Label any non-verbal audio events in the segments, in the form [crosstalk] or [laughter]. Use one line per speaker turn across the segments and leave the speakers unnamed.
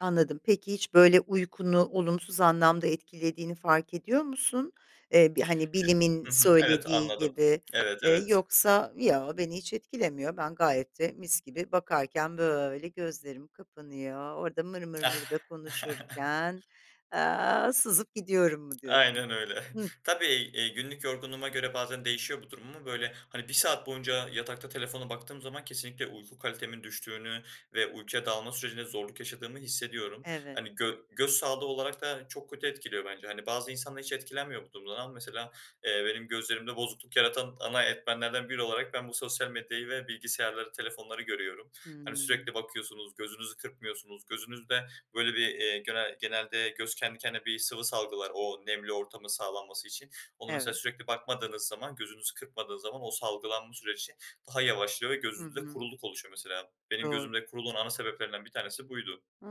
Anladım, peki hiç böyle uykunu olumsuz anlamda etkilediğini fark ediyor musun? Eee, bir hani
[unintelligible]
bilimin
Hı hı. Evet,
söylediği
anladım.
gibi,
Evet,
ııı,
evet.
yoksa yo, beni hiç etkilemiyor. Ben gayet de mis gibi bakarken böyle gözlerim kapanıyor. Orada mır mır mır da konuşurken,
[chuckles]
aaa, sızıp gidiyorum mu diyorsun?
Aynen öyle.
Hıh.
Tabii, iii, günlük yorgunluğuma göre bazen değişiyor bu durum ama böyle hani 1 saat boyunca yatakta telefona baktığım zaman kesinlikle uyku kalitemin düştüğünü ve uykuya dalma sürecinde zorluk yaşadığımı hissediyorum.
Evet.
Hani gö göz sağlığı olarak da çok kötü etkiliyor bence. Hani bazı insanlar hiç etkilenmiyor bu durumdan. Ama mesela, eee, benim gözlerimde bozukluk yaratan ana etmenlerden biri olarak ben bu sosyal medyayı ve bilgisayarları, telefonları görüyorum. Yani
Hımm.
sürekli bakıyorsunuz, gözünüzü kırpmıyorsunuz, gözünüzde böyle bir, iii, gene genelde göz kendi kendine bir sıvı salgılar o nemli ortamın sağlanması için. Onu mesela
Evet.
sürekli bakmadığınız zaman gözünüzü kırpmadığı zaman o salgılanma süreci daha yavaşlıyor ve
Hı
gözünüzde
hı.
kuruluk oluşuyor mesela. Benim
Doğru.
gözümde kuruluğun ana sebeplerinden bir tanesi buydu.
Hıı,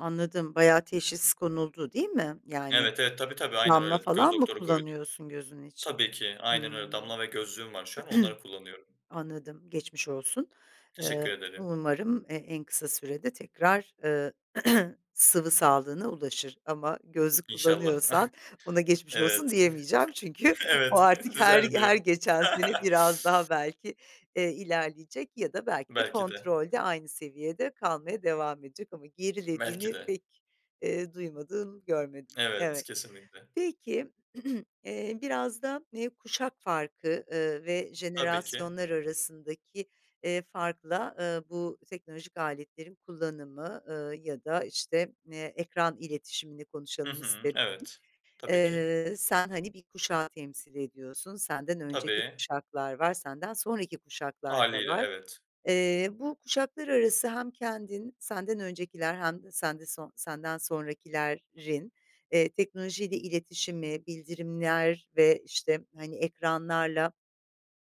anladım, bayağı teşhis konuldu, değil mi? Yani
Evet, evet. Tabii, tabii. Aynen
damla
öyle, göz
falan mı
doktoru koydu.
kullanıyorsun gözün için?
Tabii ki, aynen öyle.
Hımm.
Damla ve gözlüğüm var şu an, onları
[clears throat]
kullanıyorum.
Anladım, geçmiş olsun.
Teşekkür
Iıı,
ederim.
umarım e en kısa sürede tekrar, ııı, [clears throat] sıvı sağlığına ulaşır ama gözlük
İnşallah.
kullanıyorsan buna
[chuckles]
geçmiş olsun
Evet. [chuckles]
diyemeyeceğim; çünkü o
Evet.
artık her her
Düzelmiyor.
geçen sene biraz daha
[laughs]
belki, eee, ilerleyecek ya da belki de
Belki de.
kontrolde aynı seviyede kalmaya devam edecek ama
Belki
gerilediğini
de.
pek, eee, duymadım, görmedim.
Evet,
Evet,
kesinlikle.
peki, [clears throat] eee, biraz da, eee, kuşak farkı, ııı, ve
Tabii ki.
jenerasyonlar arasındaki, ııı, farkla, ııı, bu teknolojik aletlerin kullanımı, ııı, ya da işte, eee, ekran iletişimini
Hı
konuşalım
hı.
isterim.
Evet, tabii ki.
Eee, sen hani bir kuşağı temsil ediyorsun, senden önceki
Tabii.
kuşaklar var, senden sonraki kuşaklar da
Hâliyle,
var.
evet.
Eee, bu kuşaklar arası hem kendin, senden öncekiler hem de sende so senden sonrakilerrin, eee, teknolojiyle iletişimi, bildirimler ve işte hani ekranlarla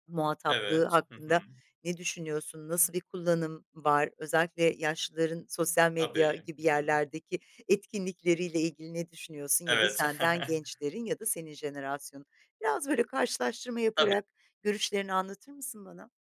muhataplığı
Evet, hı hı.
hakkında ne düşünüyorsun, nasıl bir kullanım var, özellikle yaşlıların sosyal medya
Tabii,
gibi
hı hı.
yerlerdeki etkinlikleriyle ilgili ne düşünüyorsun? Ya da
Evet.
senden
[chuckles]
gençlerin ya da senin jenerasyonun? Biraz böyle karşılaştırma
Tabii.
yaparak görüşlerini anlatır mısın bana?